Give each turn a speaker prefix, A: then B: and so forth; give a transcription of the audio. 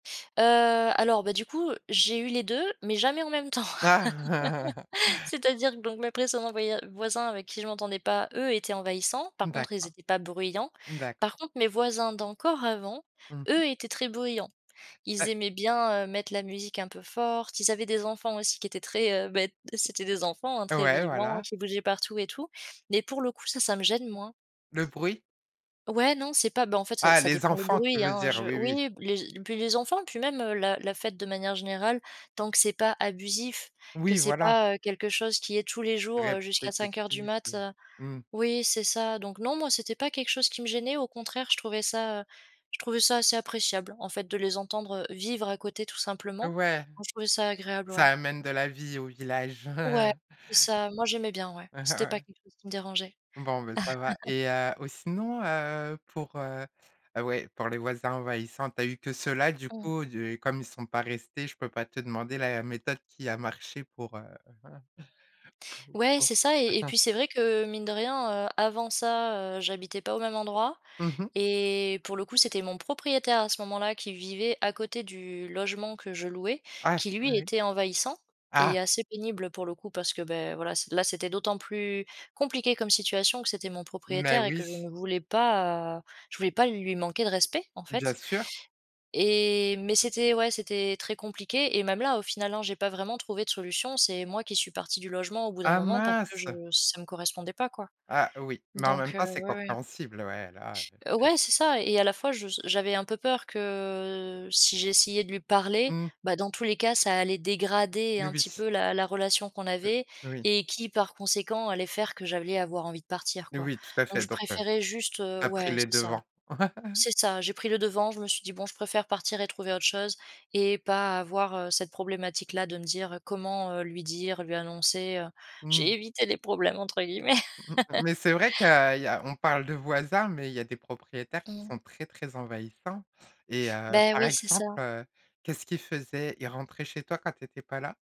A: Heu, alors, bah, du coup, j'ai eu les 2 mais jamais en même temps.
B: Ah!
A: C'est-à-dire que donc mes précédents voya voisins avec qui je m'entendais pas, eux, étaient envahissants, par contre, ils
B: D'accord.
A: étaient pas bruyants.
B: D'accord.
A: Par contre, mes voisins d'encore avant,
B: Mmh mh.
A: eux étaient très bruyants. Ils
B: Heu
A: aimaient bien, heu, mettre la musique un peu forte, ils avaient des enfants aussi qui étaient très, heu, beh, c'était des enfants, hein, très
B: Ouais,
A: vivants
B: voilà.
A: qui bougeaient partout et tout mais pour le coup ça, ça me gêne moins.
B: Le bruit?
A: Ouais, non, c'est pas, bah, en fait, ça
B: Ah,
A: ça
B: les
A: dépend le
B: enfants, tu
A: bruit,
B: veux
A: hein,
B: dire?
A: je
B: Oui, oui.
A: oui, p les e puis les enfants puis même, heu, la la fête de manière générale tant que c'est pas abusif, que
B: Oui,
A: c'est
B: voilà.
A: pas, heu, quelque chose qui est tous les jours, heu, jusqu'à 05:00 du
B: Répétitif,
A: mat,
B: heu?
A: heu,
B: Mmh.
A: oui, c'est ça. Donc, non, moi, c'était pas quelque chose qui me gênait, au contraire, je trouvais ça, heu, je trouvais ça assez appréciable, en fait, de les entendre, heu, vivre à côté tout simplement.
B: Ouais,
A: Non, je trouvais ça agréable,
B: ça
A: ouais.
B: amène de la vie au village.
A: Ouais, c'est ça, moi, j'aimais bien, ouais. C'était pas
B: Ouais.
A: quelque chose qui me dérangeait.
B: Bon, beh, ça va et heu, ou sinon, heu, pour, heu heu, ouais, pour les voisins envahissants, tu as eu que ceux là, du
A: Mmh.
B: coup? Du comme ils sont pas restés, je peux pas te demander la méthode qui a marché pour, heu
A: Ouais,
B: pour,
A: c'est ça
B: heu
A: et et puis c'est vrai que, mine de rien, heu, avant ça, heu, j'habitais pas au même endroit
B: Mmh mh.
A: et pour le coup, c'était mon propriétaire à ce moment-là qui vivait à côté du logement que je louais,
B: Ah!
A: qui
B: Eh
A: lui,
B: oui.
A: était envahissant et
B: Ah!
A: assez pénible, pour le coup, parce que, beh, voilà, c'est là, c'était d'autant plus compliqué comme situation que c'était mon
B: Mais
A: propriétaire et que
B: oui!
A: je ne voulais pas, heu, je voulais pas lui manquer de respect, en
B: Bien
A: fait
B: sûr.
A: et mais c'était, ouais, c'était très compliqué et même là, au final, hein, j'ai pas vraiment trouvé de solution. C'est moi qui suis partie du logement au bout d'un
B: Ah
A: moment parce que je
B: mince!
A: ça me correspondait pas, quoi,
B: Ah oui, mais en même
A: donc heu,
B: temps, c'est
A: ouais, ouais.
B: compréhensible, ouais, là, heu,
A: Heu,
B: c'est
A: ouais, c'est ça et à la fois je s j'avais un peu peur que si j'essayais de lui parler,
B: Mmh.
A: bah, dans tous les cas, ça allait dégrader
B: N
A: un petit
B: oui.
A: peu la la relation qu'on
B: Heu,
A: avait
B: oui.
A: et qui, par conséquent, allait faire que j'allais avoir envie de partir, quoi,
B: Oui, tout à
A: donc,
B: fait,
A: je
B: donc heu,
A: préférais juste, heu,
B: tu as pris
A: ouais,
B: les
A: c'est ça,
B: devants.
A: c'est ça, j'ai pris le devant, je me suis dit: «Bon, je préfère partir et trouver autre chose et pas avoir, heu, cette problématique-là de me dire, heu, comment, heu, lui dire, lui annoncer», heu,
B: Mmh.
A: «J'ai évité les problèmes» entre guillemets.
B: Mmh, mais c'est vrai tu as il y a on parle de voisins mais il y a des propriétaires
A: Mmh
B: qui
A: mh.
B: sont très, très envahissants et heu,
A: Beh,
B: par
A: oui, c'est
B: exemple,
A: ça.
B: heu, qu'est-ce qu'il faisait? Il rentrait chez toi quand tu étais pas là?